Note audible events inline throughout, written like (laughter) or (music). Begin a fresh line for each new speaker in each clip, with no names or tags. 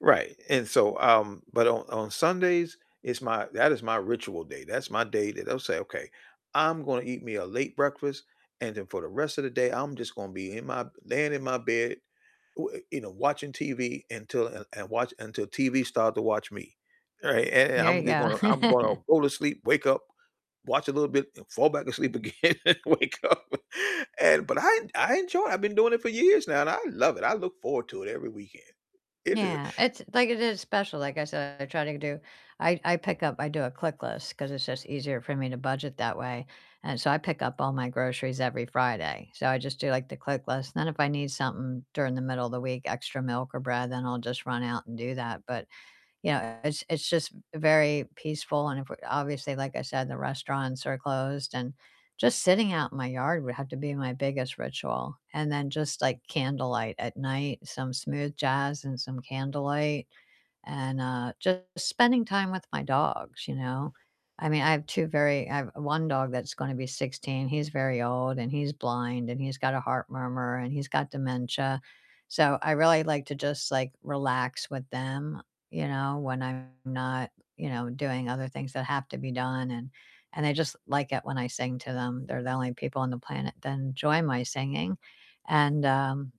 Right and so, um, but on on Sundays, it's my that is my ritual day, that's my day that I'll say, "Okay, I'm gonna eat me a late breakfast, and then for the rest of the day, I'm just gonna be in my laying in my bed, w you know, watching TV until, and and watch until TV start to watch me." right? And and
There
I'm
you
just gonna,
go.
I'm gonna
(laughs)
go to sleep, wake up, watch a little bit, and fall back asleep again and wake up. And but I I enjoy it, I've been doing it for years now, and I love it I look forward to it every weekend, it ju
Yeah. It's like, it is special like, I said, I try to do I I pick up I do a ClickList, 'cause it's just easier for me to budget that way and so, I pick up all my groceries every Friday. So, I just do, like, the ClickList then if I need something during the middle of the week, extra milk or bread, then I'll just run out and do that, but, you know, it's it's just very peaceful and if we obviously, like I said, the restaurants are closed, and just sitting out in my yard would have to be my biggest ritual. And then just, like, candlelight at night, some smooth jazz and some candlelight. And, uh, just spending time with my dogs, you know? I mean, I have 2 very I have 1 dog that's gonna be 16 he's very old, and he's blind, and he's got a heart murmur, and he's got dementia. So, I really like to just, like, relax with them, you know, when I'm not, you know, doing other things that have to be done and and they just like it when I sing to them, they're the only people on the planet that enjoy my singing and, um,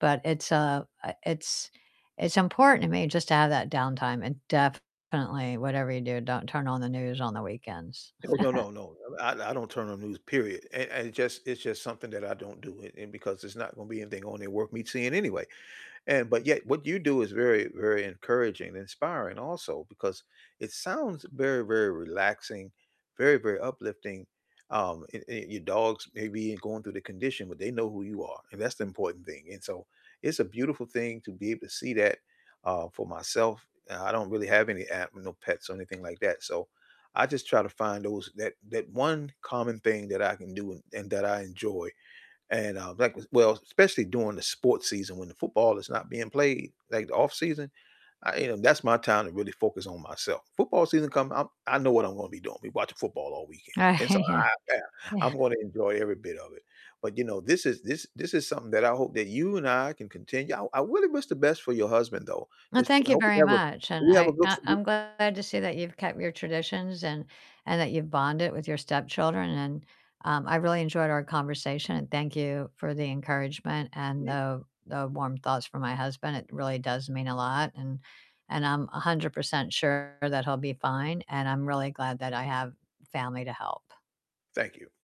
but it's, uh uh, it's it's important to me just to have that downtime and definitely whatever you do, don't turn on the news on the weekends.
Oh, no,
(chuckles)
no, no I I don't turn on news, period and and it just it's just something that I don't do and and because there's not gonna be anything on there worth me seeing anyway. And, but yet, what you do is very, very encouraging and inspiring, also, because it sounds very, very relaxing, very, very uplifting, um, and and your dogs may be going through the condition, but they know who you are, and that's the important thing, and so, it's a beautiful thing to be able to see that, uh, for myself, uh, I don't really have any a no pets or anything like that, so, I just try to find those that that 1 common thing that I can do, and that I enjoy. And, uh, like well especially during the sports season, when the football is not being played, like, the off-season, I you know, that's my time to really focus on myself. Football season come, I'm I know what I'm gonna be doing, be watching football all weekend and so, I
(chuckles)
Yeah,
Yeah, yeah.
I'm gonna enjoy every bit of it but, you know, this is this this is something that I hope that you and I can continue I r I really wish the best for your husband, though,
Well,
it's f
thank you
hope we
very
have a
much and
we have a
I
good.
I I'm
(unintelligible)
glad to see that you've kept your traditions and and that you've bonded with your stepchildren and, um, I really enjoyed our conversation, and thank you for the encouragement and
Ye
the the warm thoughts for my husband it really does mean a lot and and I'm 100% sure that he'll be fine, and I'm really glad that I have family to help.
Thank you.